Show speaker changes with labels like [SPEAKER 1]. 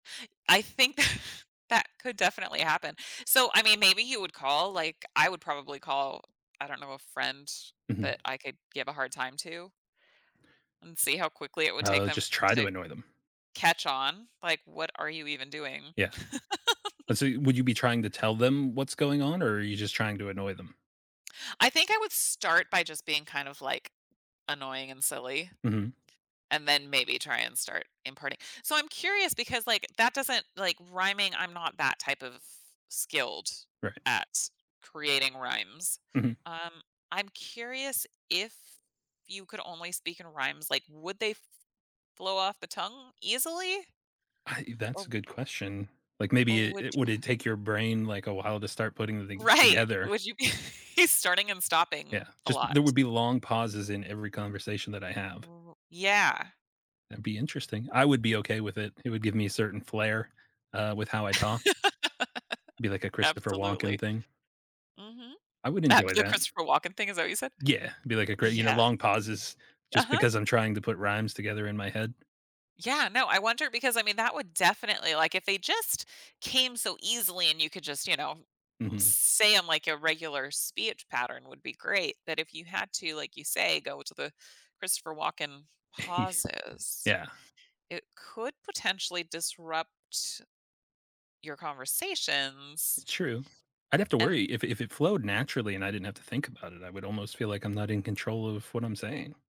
[SPEAKER 1] I think that could definitely happen. So, I mean, maybe he would call like, I would probably call, I don't know, a friend
[SPEAKER 2] Mhm.
[SPEAKER 1] that I could give a hard time to and see how quickly it would take
[SPEAKER 2] Oh,
[SPEAKER 1] them to
[SPEAKER 2] just try to
[SPEAKER 1] say
[SPEAKER 2] annoy them.
[SPEAKER 1] catch on, like, "What are you even doing?"
[SPEAKER 2] Yeah, and so you would you be trying to tell them what's going on or are you just trying to annoy them?
[SPEAKER 1] I think I would start by just being kind of, like, annoying and silly,
[SPEAKER 2] Mhm.
[SPEAKER 1] and then maybe try and start imparting So, I'm curious because, like, that doesn't like, rhyming I'm not that type of skilled
[SPEAKER 2] Right.
[SPEAKER 1] at creating rhymes.
[SPEAKER 2] Mhm.
[SPEAKER 1] Um, I'm curious if you could only speak in rhymes, like, would they f flow off the tongue easily
[SPEAKER 2] I eh, that's
[SPEAKER 1] or
[SPEAKER 2] a good question. Like,
[SPEAKER 1] or
[SPEAKER 2] maybe it
[SPEAKER 1] would
[SPEAKER 2] it
[SPEAKER 1] you
[SPEAKER 2] would it take your brain, like, a while to start putting thing
[SPEAKER 1] Right.
[SPEAKER 2] together?
[SPEAKER 1] Would you be he's starting and stopping
[SPEAKER 2] Yeah,
[SPEAKER 1] a
[SPEAKER 2] just there
[SPEAKER 1] lot.
[SPEAKER 2] would be long pauses in every conversation that I have.
[SPEAKER 1] Yeah.
[SPEAKER 2] That'd be interesting. I would be okay with it. It would give me a certain flare, uh, with how I talk be like a Christopher Walken
[SPEAKER 1] Absolutely.
[SPEAKER 2] thing.
[SPEAKER 1] Mhm.
[SPEAKER 2] I would
[SPEAKER 1] Uh,
[SPEAKER 2] enjoy
[SPEAKER 1] the
[SPEAKER 2] that.
[SPEAKER 1] Christopher Walken thing, is that what you said?
[SPEAKER 2] Yeah, be like a great you know,
[SPEAKER 1] Yeah.
[SPEAKER 2] long pauses just
[SPEAKER 1] Uh-huh.
[SPEAKER 2] because I'm trying to put rhymes together in my head.
[SPEAKER 1] Yeah, no, I wonder because, I mean, that would definitely like, if they just came so easily, and you could just, you know, uh,
[SPEAKER 2] Mhm.
[SPEAKER 1] say 'em like your regular speech pattern, would be great, but if you had to, like you say, go to the Christopher Walken pauses,
[SPEAKER 2] Yeah.
[SPEAKER 1] it could potentially disrupt your conversations
[SPEAKER 2] True. I'd have to
[SPEAKER 1] and
[SPEAKER 2] worry. If if it flowed naturally and I didn't have to think about it, I would almost feel like I'm not in control of what I'm saying.